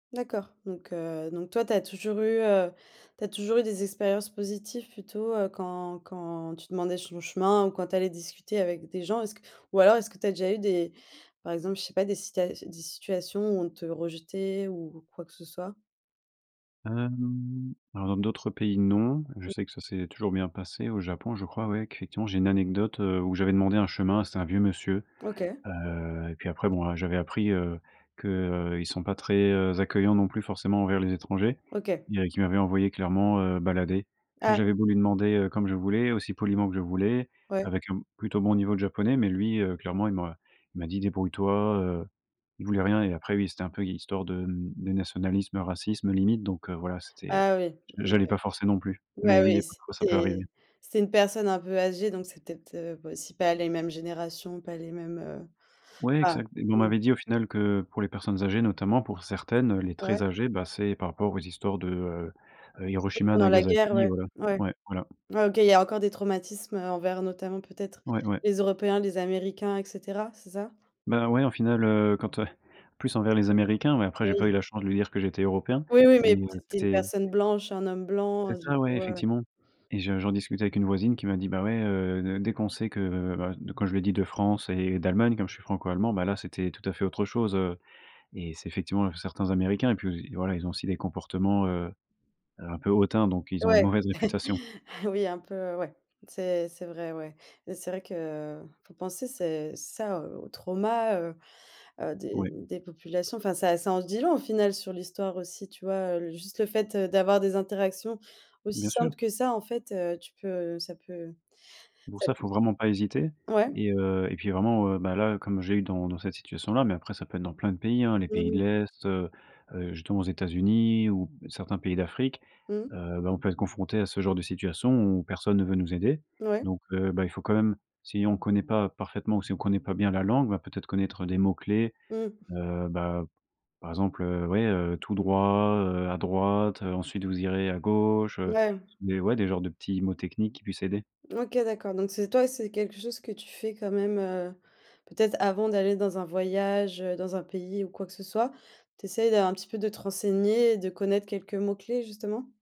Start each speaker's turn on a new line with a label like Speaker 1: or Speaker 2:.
Speaker 1: D'accord. Donc, heu, donc toi, tu as toujours eu, heu, tu as toujours eu des expériences positives plutôt, heu, quand quand tu demandais son chemin ou quand tu allais discuter avec des gens. Est-ce que ou alors est-ce que tu as déjà eu des, par exemple, je sais pas, des sita s des situations où on te rejetait ou quoi que ce soit?
Speaker 2: Hem, alors dans d'autres pays, non, je sais que ça s'est toujours bien passé. Au Japon je crois, ouais, qu'effectivement, j'ai une anecdote, heu, où j'avais demandé un chemin, c'était un vieux monsieur,
Speaker 1: OK.
Speaker 2: heu et puis après, bon, heu, j'avais appris, heu, que, heu, ils sont pas très, heu, accueillants non plus forcément envers les étrangers.
Speaker 1: OK.
Speaker 2: Dirais qu'il m'avait envoyé clairement, heu, balader.
Speaker 1: Ah.
Speaker 2: J'avais beau lui demander, heu, comme je voulais, aussi poliment que je voulais,
Speaker 1: Ouais.
Speaker 2: avec un plutôt bon niveau de japonais, mais lui, heu, clairement il m'a il m'a dit: «Débrouille-toi», heu, il voulait rien et après oui, c'était un peu hi histoire de, mmh, de nationalisme, racisme limite, donc, heu, voilà, c'était, heu,
Speaker 1: Ah oui,
Speaker 2: j'allais
Speaker 1: OK.
Speaker 2: pas forcer non plus.
Speaker 1: Bah
Speaker 2: Mais oui,
Speaker 1: oui,
Speaker 2: et comme quoi ça peut arriver.
Speaker 1: c'était c'est une personne un peu âgée, donc c'est, peut-être, heu, pas aussi pas les mêmes générations, pas les mêmes, heu,
Speaker 2: Ouais,
Speaker 1: enfin,
Speaker 2: exact et on
Speaker 1: mmh.
Speaker 2: m'avait dit au final que, pour les personnes âgées notamment, pour certaines, heu, les
Speaker 1: Ouais.
Speaker 2: très âgées, bah c'est par rapport aux histoires de, heu heu,
Speaker 1: Oui,
Speaker 2: Hiroshima
Speaker 1: pendant la guerre,
Speaker 2: Nagasaki,
Speaker 1: ouais.
Speaker 2: voilà.
Speaker 1: Ouais.
Speaker 2: Ouais, voilà.
Speaker 1: Ouais, OK, il y a encore des traumatismes, heu, envers notamment, peut-être,
Speaker 2: Ouais, ouais.
Speaker 1: les Européens, les Américains et cetera. C'est ça?
Speaker 2: Bah, ouais, au final, heu, quand, heu, plus envers les américains ouais, après j'ai pas eu
Speaker 1: Oui.
Speaker 2: la chance de lui dire que j'étais européen.
Speaker 1: Oui, oui,
Speaker 2: Mais,
Speaker 1: mais,
Speaker 2: heu,
Speaker 1: peut-être, tu es une
Speaker 2: c'était.
Speaker 1: personne blanche, un homme blanc,
Speaker 2: C'est
Speaker 1: heu, du
Speaker 2: ça, ouais,
Speaker 1: coup, ouais.
Speaker 2: effectivement et je j'en discutais avec une voisine qui m'a dit: «Bah ouais, heu, D dès qu'on sait que», heu, bah, quand je lui ai dit: «De France et d'Allemagne». Comme je suis franco-allemand, bah là c'était tout à fait autre chose, heu et c'est effectivement certains américains et puis voilà, ils ont aussi des comportements, heu heu, un peu hautains, donc ils ont une
Speaker 1: Ouais.
Speaker 2: mauvaise réputation.
Speaker 1: Oui, un peu, heu, ouais. C'est c'est vrai, ouais et c'est vrai qu'il faut penser, c'est ça, heu, aux aux traumas, heu heu, des
Speaker 2: Oui.
Speaker 1: des populations. Enfin, ça ça en se dit long au final sur l'histoire aussi, tu vois? Heu, l juste le fait, heu, d'avoir des interactions aussi
Speaker 2: Bien sûr.
Speaker 1: simples que ça, en fait, heu, tu peux, heu, ça peut
Speaker 2: Pour
Speaker 1: ça
Speaker 2: ça, il
Speaker 1: peut
Speaker 2: faut vraiment pas hésiter
Speaker 1: ouais.
Speaker 2: et heu et puis vraiment, heu, bah là, heu, comme j'ai eu dans dans cette situation-là, mais après ça peut être dans plein de pays, hein, les
Speaker 1: Mmh
Speaker 2: pays de
Speaker 1: mh.
Speaker 2: l'Est, heu heu, justement aux États-Unis ou certains pays d'Afrique,
Speaker 1: Mmh.
Speaker 2: heu, bah on peut être confronté à ce genre de situation, où personne ne veut nous aider.
Speaker 1: Mouais.
Speaker 2: Donc, heu, bah il faut quand même, si on connaît pas parfaitement ou si on connaît pas bien la langue, bah, peut-être connaître des mots clés,
Speaker 1: Mmh.
Speaker 2: heu, bah, par exemple, heu, ouais, heu, tout droit, heu, à droite, heu, ensuite vous irez à gauche, heu,
Speaker 1: Ouais.
Speaker 2: des ouais, des genres de petits mots techniques qui puissent aider.
Speaker 1: OK d'accord, donc c'est toi, c'est quelque chose que tu fais quand même, heu, peut-être, avant d'aller dans un voyage, heu, dans un pays ou quoi que ce soit. Tu essayes d'un un petit peu de te renseigner et de connaître quelques mots-clés, justement?